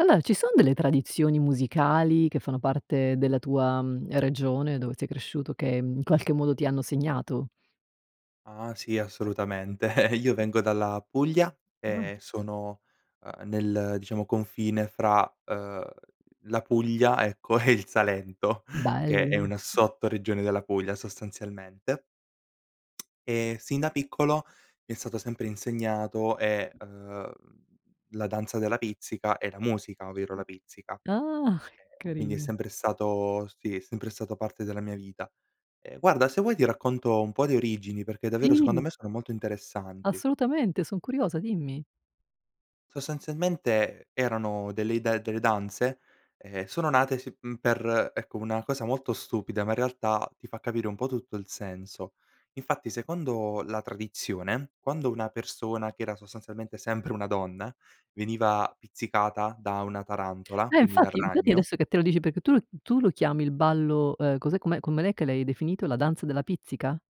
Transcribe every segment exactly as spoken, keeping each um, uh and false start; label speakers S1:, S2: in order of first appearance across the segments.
S1: Allora ci sono delle tradizioni musicali che fanno parte della tua, mhmm, regione dove sei cresciuto, che, mhmm, qualche modo ti hanno segnato?
S2: Ah sì, assolutamente, io vengo dalla Puglia
S1: Ah.
S2: e sono, ehm, nel, diciamo, confine fra, ehm, la Puglia, ecco, e il Salento, che è
S1: Bello.
S2: una sottoregione della Puglia, sostanzialmente. Ehm, sin da piccolo mi è stato sempre insegnato, e ehm, la danza della pizzica e la musica, ovvero la pizzica. Ehm,
S1: Ah,
S2: quindi è
S1: carino.
S2: sempre stato sì, è sempre stato parte della mia vita. Ehm, guarda se vuoi ti racconto un po' di origini perché davvero secondo
S1: Sì.
S2: me sono molto interessanti.
S1: Assolutamente. Son curiosa, dimmi.
S2: Sostazialmente e erano delle ide delle danze, ehm, sono nate, sì, mhmm, per ecco, una cosa molto stupida, ma in realtà ti fa capire un po' tutto il senso: infatti secondo la tradizione, quando una persona che era sostanzialmente sempre una donna, veniva pizzicata da una tarantola,
S1: Eh
S2: quindi dal
S1: infatti infatti
S2: ragno
S1: adesso che te lo dici perché tu l tu lo chiami "Il ballo", ehm, cos'è com'è come l'è che l'hai definito? La danza della pizzica?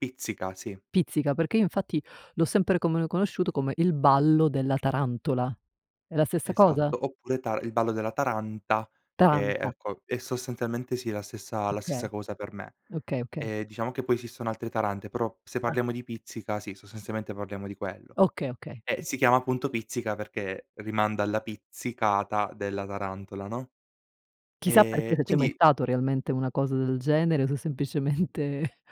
S2: Pizzica, sì.
S1: Pizzica, perché io infatti l'ho sempre come conosciuto come "Il ballo della tarantola". È la stessa cosa?
S2: Esatto, oppure tar il ballo della taranta, che
S1: Taranta.
S2: ecco, è sostazialmente sì, la stessa la stessa
S1: Okay.
S2: cosa per me.
S1: Okay, okay.
S2: Ehm, diciamo che poi esistono altre tarante però se
S1: Ah.
S2: parliamo di pizzica sì, sostazialmente parliamo di quello;
S1: Okay, okay.
S2: e si chiama appunto pizzica perché rimanda alla pizzicata della tarantola, no.
S1: Chissà perché,
S2: Ehm,
S1: se c'è mai
S2: quindi
S1: stato realmente una cosa del genere o se semplicemente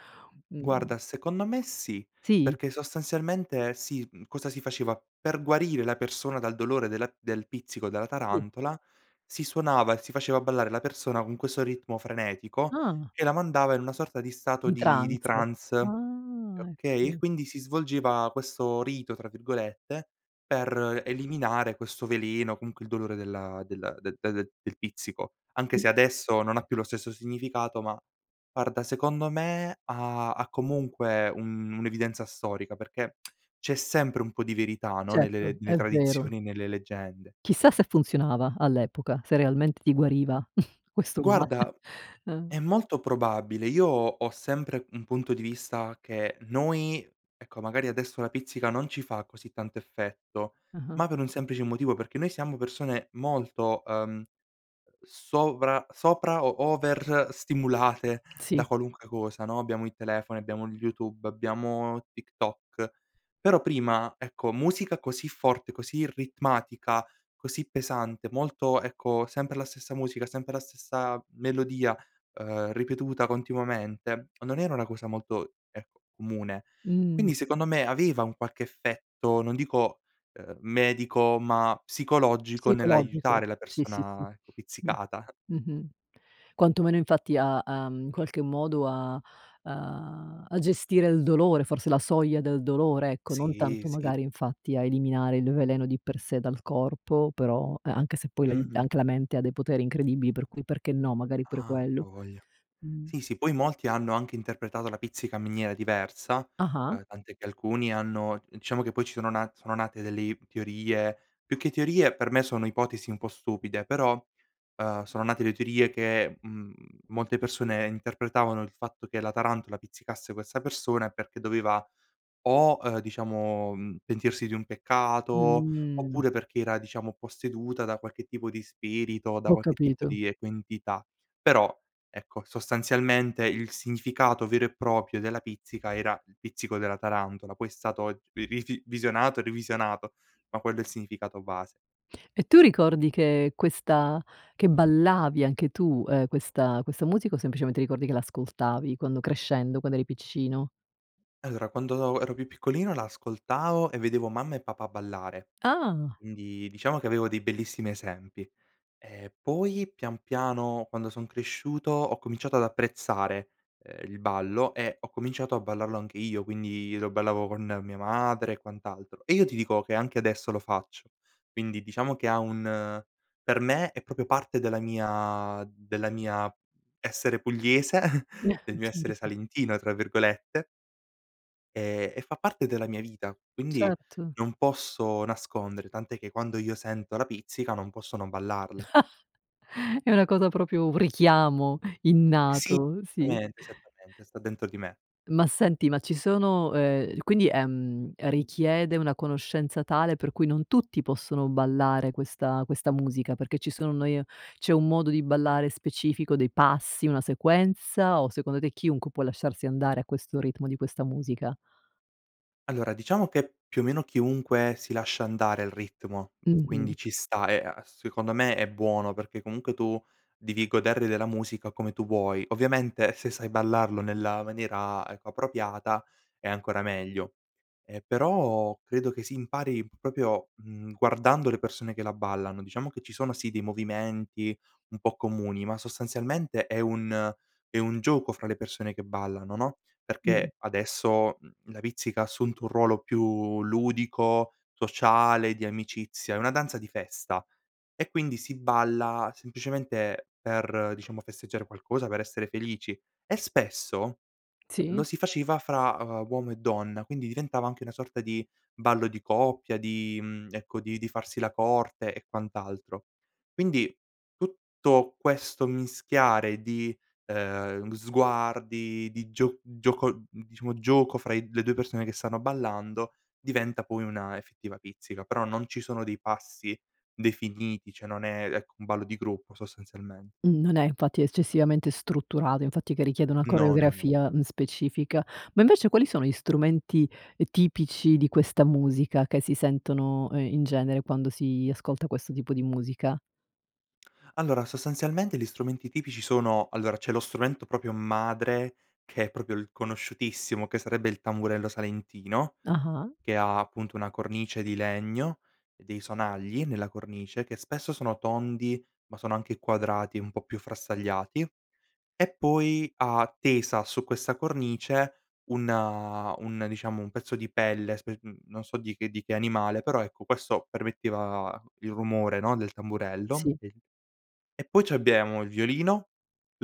S1: mh.
S2: Guarda, secondo me sì,
S1: Sì?
S2: perché sostazialmente, sì, mhmm, cosa si faceva: per guarire la persona dal dolore della del pizzico della
S1: Sì.
S2: tarantola, si suonava e si faceva ballare la persona con questo ritmo frenetico
S1: Ah.
S2: che la mandava in una sorta di stato
S1: Di
S2: di di
S1: trance.
S2: trance,
S1: Ah
S2: okay;
S1: ecco.
S2: quindi si svolgeva questo "rito", tra virgolette, per eliminare questo veleno, comunque il dolore della della de del del pizzico, anche
S1: Sì.
S2: se adesso non ha più lo stesso significato, ma guarda secondo me ha ha comunque un un'evidenza storica perché c'è sempre un po' di verità, no,
S1: Certo,
S2: nelle nelle
S1: è vero.
S2: tradizioni e nelle leggende.
S1: Chissà se funzionava all'epoca, se realmente ti guariva, questo male.
S2: Guarda, è molto probabile, io ho ho sempre, mhmm, un punto di vista, che noi ecco, magari adesso la pizzica non ci fa così tanto effetto,
S1: Ah-ah.
S2: ma per un semplice motivo, perché noi siamo persone molto, ehm, sovra sopra o over stimulate da
S1: Sì.
S2: qualunque cosa, no: abbiamo il telefono, abbiamo YouTube, abbiamo TikTok; però prima, ecco, musica così forte, così ritmatica, così pesante, molto ecco, sempre la stessa musica, sempre la stessa melodia, ehm, ripetuta continuamente, non era una cosa molto, ehm, comune.
S1: Mh-mh.
S2: Quindi secondo me aveva un qualche effetto, non dico, ehm, medico, ma psicologico,
S1: Psicologico.
S2: nell'aiutare la
S1: Sì, sì, sì.
S2: persona
S1: Mh,
S2: pizzicata.
S1: mh-mh. Quantomeno infatti ha, uhm, qualche modo a, uhm a gestire il dolore forse la soglia del dolore ecco, non
S2: Sì,
S1: tanto
S2: sì.
S1: magari infatti a eliminare il veleno di per sé dal corpo; però e anche se poi la in
S2: Mh-mh.
S1: anche la mente ha dei poteri incredibili, per cui perché no magari pure
S2: Ah, a
S1: quello.
S2: voglia.
S1: Mh.
S2: Sì, sì, poi molti hanno anche interpretato la pizzica miniera diversa,
S1: Ah-ah.
S2: ehm, tant'è che alcuni hanno diciamo che poi ci sono na sono nate delle teorie, più che teorie per me sono ipotesi un po' stupide, però, ehm, sono nate le teorie che, mhmm, molte persone interpretavano il fatto che la tarantola pizzicasse questa persone perché doveva o, ehm, diciamo, mhmm, pentirsi di un peccato
S1: Mh.
S2: oppure perché era, diciamo, posseduta da qualche tipo di spirito, da
S1: Ho
S2: qualche tipo
S1: capito.
S2: di, ecco, entità. Però, ecco, sostazialmente il significato vero e proprio della pizzica era il pizzico della tarantola; poi è stato rivisi visionato e rivisionato, ma quello è il significato base.
S1: E tu ricordi che questa che ballavi anche tu, ehm, questa questa musica o semplicemente ricordi che l'ascoltavi quando crescendo, quando eri piccino?
S2: Allora, quando ero più piccolino la ascoltavo e vedevo mamma e papà ballare,
S1: Ah!
S2: quindi diciamo che avevo dei bellissimi esempi. Ehm, poi, pian piano, quando son cresciuto, ho cominciato ad apprezzare, ehm, il ballo e ho cominciato a ballarlo anche io, quindi lo ballavo con mia madre e quant'altro, e io ti dico che anche adesso lo faccio; quindi diciamo che ha un per me è proprio parte della mia della mia essere pugliese, del mio essere
S1: Certo.
S2: "salentino", tra virgolette e e fa parte della mia vita, quindi
S1: Certo.
S2: non posso nascondere, tant'è che quando io sento la pizzica non posso non ballarla.
S1: È una cosa proprio un richiamo innato,
S2: Sì,
S1: uhm, sì.
S2: tamente, esattamente, sta dentro di me.
S1: Ma senti, ma ci sono, ehm quindi, ehm, è richiede una conoscenza tale per cui non tutti possono ballare questa questa musica, perché ci sono, noi e c'è un modo di ballare specifico dei passi, una sequenza, o secondo te chiunque può lasciarsi andare a questo ritmo di questa musica?
S2: Allora, diciamo che più o meno chiunque si lascia andare al ritmo, mhmm,
S1: Mh-mh.
S2: quindi ci sta e a secondo me è buono perché comunque tu devi godere della musica come tu vuoi. Ovviamente se sai ballarlo nella maniera, ecco, appropriata è ancora meglio. Ehm, però credo che si impari proprio, mhmm, guardando le persone che la ballano. Diciamo che ci sono, sì, dei movimenti un po' comuni, ma sostanzialmente è un è un gioco fra le persone che ballano, no,
S1: Mh.
S2: perché adesso, mhmm, la pizzica ha assunto un ruolo più ludico, sociale, di amicizia; è una danza di festa, e quindi si balla semplicemente per, diciamo, festeggiare qualcosa, per essere felici e spesso, ehm, lo
S1: Sì.
S2: si faceva fra, ehm, uomo e donna, quindi diventava anche una sorta di ballo di coppia, di, mhmm ecco, di di farsi la corte e quant'altro. Quindi tutto questo mischiare di, ehm, sguardi, di gio gioco, mhmm, diciamo gioco, fra i le due persone che stanno ballando diventa poi una effettiva pizzica, però non ci sono dei passi definiti, ceh non è, ecco, un ballo di gruppo, sostazialmen
S1: Mhmm, non è infatti eccessivamente strutturato, infatti, che richiede una
S2: No, no, no.
S1: coreografia, mhmm, specifica. Ma invece quali sono gli strumenti, ehm, tipici di questa musica che si sentono, ehm, in genere quando si ascolta questo tipo di musica?
S2: Allora sostazialmente gli strumenti tipici sono: allora c'è lo strumento proprio madre che è proprio il conosciutissimo, che sarebbe il tamburello salentino,
S1: Ah-ah.
S2: che ha appunto una cornice di legno e dei sonagli nella cornice, che spesso sono tondi ma sono anche quadrati un po' più frastagliati, e poi ha tesa su questa cornice un, uhm un diciamo un pezzo di pelle spe mhmm, non so di che di che animale, però ecco questo permetteva il rumore, no, del tamburello.
S1: Sì.
S2: E poi abbiemo il violino,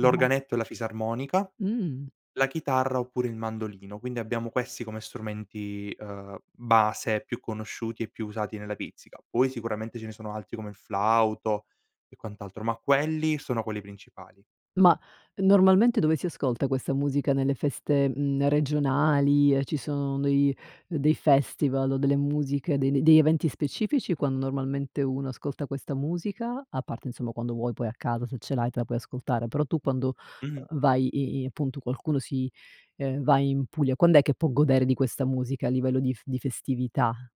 S1: [unintelligible]
S2: e la fisarmonica,
S1: Mh.
S2: la chitarra oppure il mandolino. Quindi abbiamo questi come strumenti, ehm, base più conosciuti e più usati nella pizzica, poi sicuramente ce ne sono altri come il flauto e quant'altro, ma quelli sono quelli principali.
S1: Ma normalmente dove si ascolta questa musica? Nelle feste, mhmm, regionali, ehm, ci sono dei dei festival o delle musiche, dei n degli eventi specifici quando malmente uno ascolta questa musica, a parte insomma quando vuoi, poi a casa se ce l'hai te la puoi ascoltare, però tu, uhm, quando
S2: Mh-mh.
S1: vai i i appunto qualcuno si, ehm, va in Puglia, quand'è che può godere di questa musica a livello di f di festività?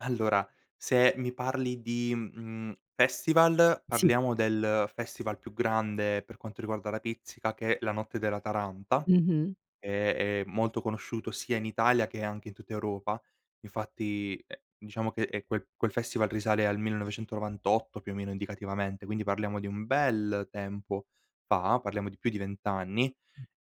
S2: Allora, se mi parli di, mhmm, festival
S1: Sì.
S2: parliamo del festival più grande per quanto riguarda la Pizzica che è: la notte della Taranta,
S1: Mh-mh.
S2: ehm, è molto conosciuto sia in Italia che anche in tutta Europa. Infatti, ehm, diciamo che, ehm, quel quel festival risale al millenovecentonovantotto più o meno indicativamente, quindi parliamo di un bel tempo fa, parliamo di più di vent anni.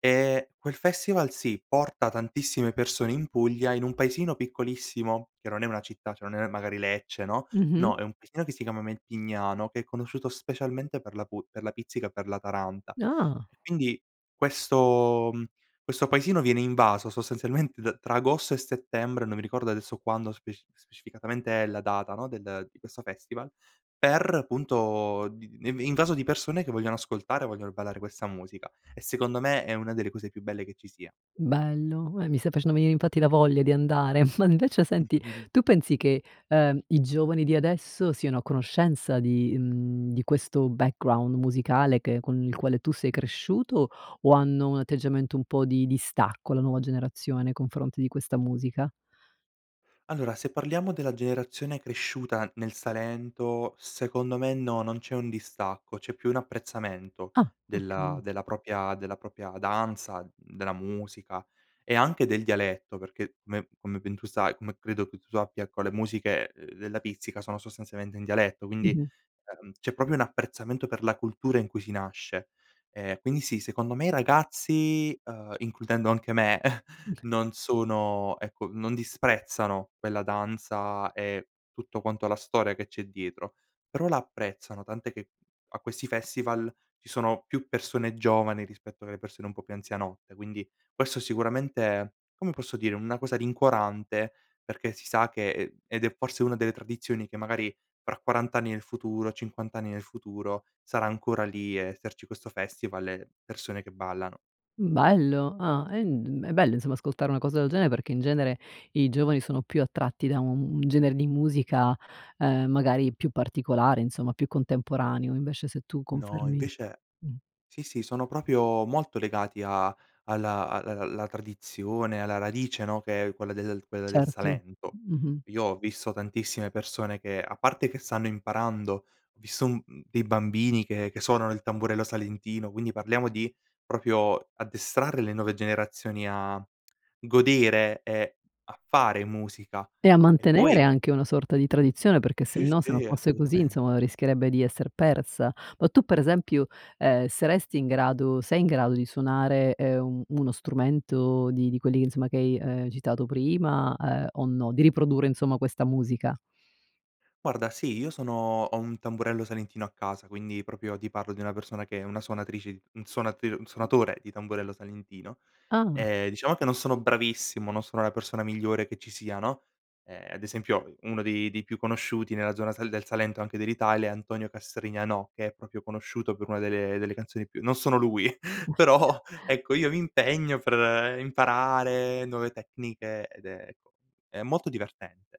S2: Ehm, quel festival, sì, porta tantissime persone in Puglia in un paesino piccolissimo, che non è una città, cioè non è magari Lecce, no,
S1: Mh-mh.
S2: no è un paesino che si chiama Mentignano, che è conosciuto specialmente per la pu per la Pizzica e per la Taranta.
S1: No.
S2: E quindi questo mhmm, questo paesino viene invaso sostanzialmente da tra Agosto e Settembre, non mi ricordo adesso quando speci specificatamente è la data no, del di questo festival; per punto di in invaso di persone che vogliono ascoltare, vogliono ballare questa musica, e secondo me è una delle cose più belle che ci sia.
S1: Bello, e mi stai facendo venire infatti la voglia di andare, ma invece senti, tu pensi che, ehm, i giovani di adesso, siano a conoscenza di, mhmm, di questo background musicale che con il quale tu sei cresciuto, o hanno un atteggiamento un po' di distacco, la nuova generazione nei confronti di questa musica?
S2: Allora, se parliamo della generazione cresciuta nel Salento, secondo me no, non c'è un distacco, c'è più un apprezzamento,
S1: Ah
S2: della
S1: okay.
S2: della propria della propria danza, mhmm, della musica e anche del dialetto perché, beh, come ben tu sai come credo che tu sappia ecco le musiche, uhm, della Pizzica sono sostanzialmente in dialetto, quindi,
S1: Mh-mh.
S2: ehm, c'è proprio un apprezzamento per la cultura in cui si nasce. Ehm, quindi sì, secondo me i ragazzi, ehm, includendo anche me non sono ecco non disprezzano quella danza, e tutto quanto la storia che c'è dietro, però la apprezzano, tant'è che a questi festival, ci sono più persone giovani, rispetto alle persone un po' più anzianotte, quindi questo è sicuramente, come posso dire, una cosa rincuorante, perché si sa che, ehm, ed è forse una delle tradizioni che magari fra quarant'anni nel futuro, cinquant'anni nel futuro, sarà ancora lì e esserci questo festival e le persone che ballano.
S1: Mhmm, bello ah ehm, è bello insomma ascoltare una cosa del genere, perché in genere i giovani sono più attratti da un un genere di musica, ehm, magari più particolare insomma, più contemporaneo, invece se tu
S2: No,
S1: confermi
S2: invece
S1: mh.
S2: sì, sì sono proprio molto legati a alla a l la tradizione, alla radice, no, che è quella del quella del
S1: Certo,
S2: Salento.
S1: mh-mh.
S2: Io ho visto tantissime persone che a parte che stanno imparando, ho visto un dei bambini che che suonano il tamburello salentino, quindi parliamo di proprio addestrare le nuove generazioni a godere, e a fare musica.
S1: E a
S2: E
S1: mantenere
S2: poi
S1: anche una sorta di tradizione, perché
S2: Sì
S1: sennò se non
S2: sì
S1: fosse così,
S2: assolutamente.
S1: insomma, rischierebbe di esser persa. Ma tu per esempio, ehm, saresti in grado sei in grado di suonare, ehm, un uno strumento di di quelli che insomma che hai citato prima, ehm, o no? Di riprodurre insomma questa musica.
S2: Guarda, sì, io sono ho un tamburello salentino a casa, quindi proprio ti parlo di una persona che è una suonatrice un suonat un suonatore di tamburello salentino.
S1: Ah.
S2: Ehm, diciamo che non sono bravissimo, non sono la persona migliore che ci sia no, ehm, ad esempio uno dei dei più conosciuti nella zona sal del Salento anche dell'Italia è Antonio Castrignanò, che è proprio conosciuto per una delle delle canzoni più non sono lui, però ecco, io mi impegno per imparare nuove tecniche ed è ecco, è molto divertente.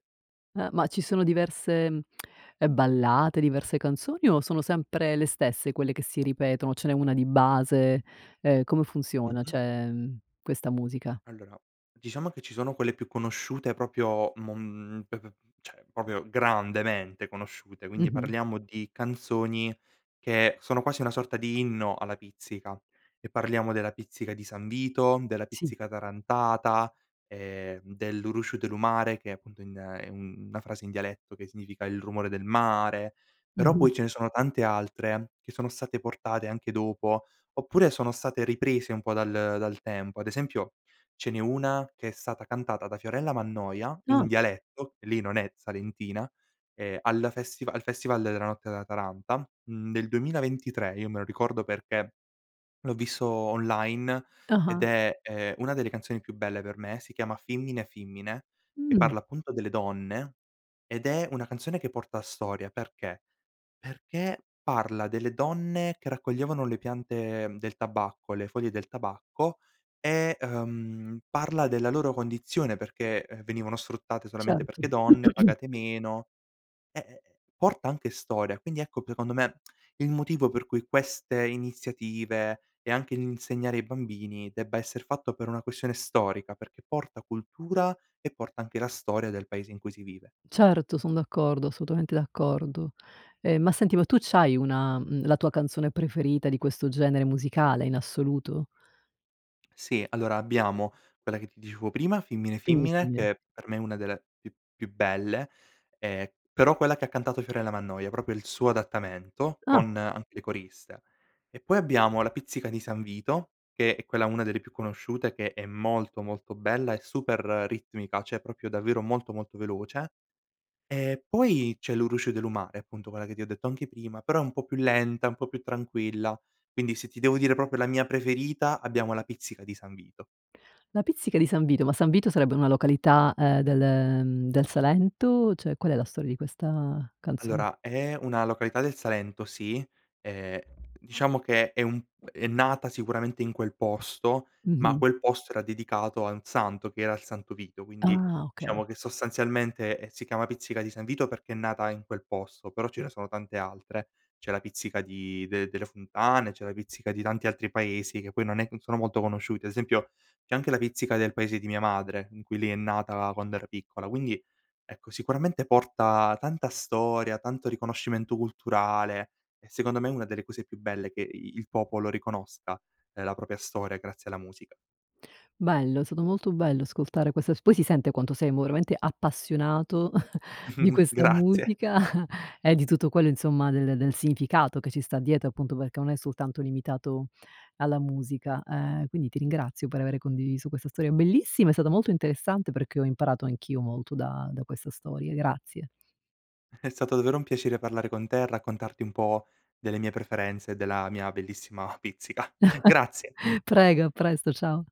S1: Ehm, ma ci sono diverse, mhmm ballate, diverse canzoni, o sono sempre le stesse quelle che si ripetono, ce n'è una di base, ehm, come funziona,
S2: Mh-mh.
S1: ceh mhmm, questa musica?
S2: Allora, diciamo che ci sono quelle più conosciute proprio mom p p ceh popio grandemente conosciute, quindi
S1: Mh-mh.
S2: parliamo di canzoni che sono quasi una sorta di inno alla Pizzica. E parliamo della Pizzica di San Vito, della
S1: Sì.
S2: Pizzica tarantata, ehm, de Lu Rusciu de lu Mare, che è appunto in è una frase in dialetto che significa: il rumore del mare. Però poi
S1: Mh-mh.
S2: ce ne sono tante altre, che sono state portate anche dopo, oppure sono state riprese un po' dal dal tempo; ad esempio ce n'è una, che è stata cantata da Fiorella Mannoia,
S1: Ah.
S2: in dialetto lei non è salentina, ehm, al festival al festival della notte della Taranta, mhmm, del duemilaventitre, io me lo ricordo perché l'ho visto online, ed
S1: Ah-ah.
S2: è, ehm, una delle canzoni più belle per me si chiama Fimmine Fimmine, e
S1: Mh.
S2: parla appunto delle donne, ed è una canzone che porta storia perché? Perché parla delle donne che raccoglievano le piante, mhmm, del tabacco, le foglie del tabacco e, ehm, parla della loro condizione perché, ehm, venivano sfruttate solamente
S1: Certo.
S2: perché donne, pagate meno e, ehm, porta anche storia. Quindi ecco p econdo me il motivo, per cui queste iniziative, e anche l'insegnare ai bambini, debba esser fatto per una questione storica, perché porta cultura e porta anche la storia del paese in cui si vive.
S1: Certo son d'accordo, assolutamente d'accordo. Ehm, ma senti ma tu c'hai una, mhmm, la tua canzone preferita di questo genere musicale in assoluto?
S2: Sì. Allora abbiamo, quella che ti dicevo prima, Fimmine Fimmine,
S1: [unintelligible]
S2: che per me è una delle più più belle, ehm, però quella che ha cantato Fiorella Mannoia, proprio il suo adattamento,
S1: Ah.
S2: con anche le coriste; e poi abbiamo La Pizzica di San Vito, che è quella una delle più conosciute, che è molto molto bella e super ritmica, ceh proprio davvero molto molto veloce, e poi c'è Lu Rusciu De Lu Mare, appunto quella che ti ho detto anche prima, però è un po' più lenta, è un po' più tranquilla, quindi se ti devo dire proprio la mia preferita abbiamo La Pizzica di San Vito.
S1: La pizzica di San Vito, ma San Vito sarebbe una località, ehm, del del Salento, ceh qual è la storia di questa canzon
S2: Allora, è una località del Salento, sì. Ehm, diciamo che è un p è nata sicuramente in quel posto, ma
S1: Mh-mh.
S2: quel posto era dedicato a un santo, che era il Santo Vito, quindi
S1: Ah, okay.
S2: diciamo che sostanzialmente si chiama Pizzica di San Vito, perché è nata in quel posto, però ce ne sono tante altre; c'è la Pizzica di del delle Fontane, c'è la pizzica di tanti altri paesi che poi non è non sono molto conosciuti, ad esempio c'è anche la pizzica del paese di mia madre, in cui lì è nata quando era piccola, quindi ecco, sicuramente porta tanta storia tanto riconoscimento culturale e secondo me è una delle cose più belle che i il popolo riconosca, la propria storia grazie alla musica.
S1: Bello, è stato molto bello ascoltare questa s poi si sente quanto sei voromente appassionato di questa
S2: Grazie.
S1: musica, e di tutto quello insomma del del significato che ci sta dietro, appunto perché non è soltanto limitato alla musica, ehm, quindi ti ringrazio per avere condiviso questa storia bellissima, è stata molto interessante perché ho imparato anch'io molto da da questa storia, grazie.
S2: È stato davvero un piacere parlare con te, raccontarti un po' delle mie preferenze, della mia bellissima pizzica grazie.
S1: Prego a presto, ciao.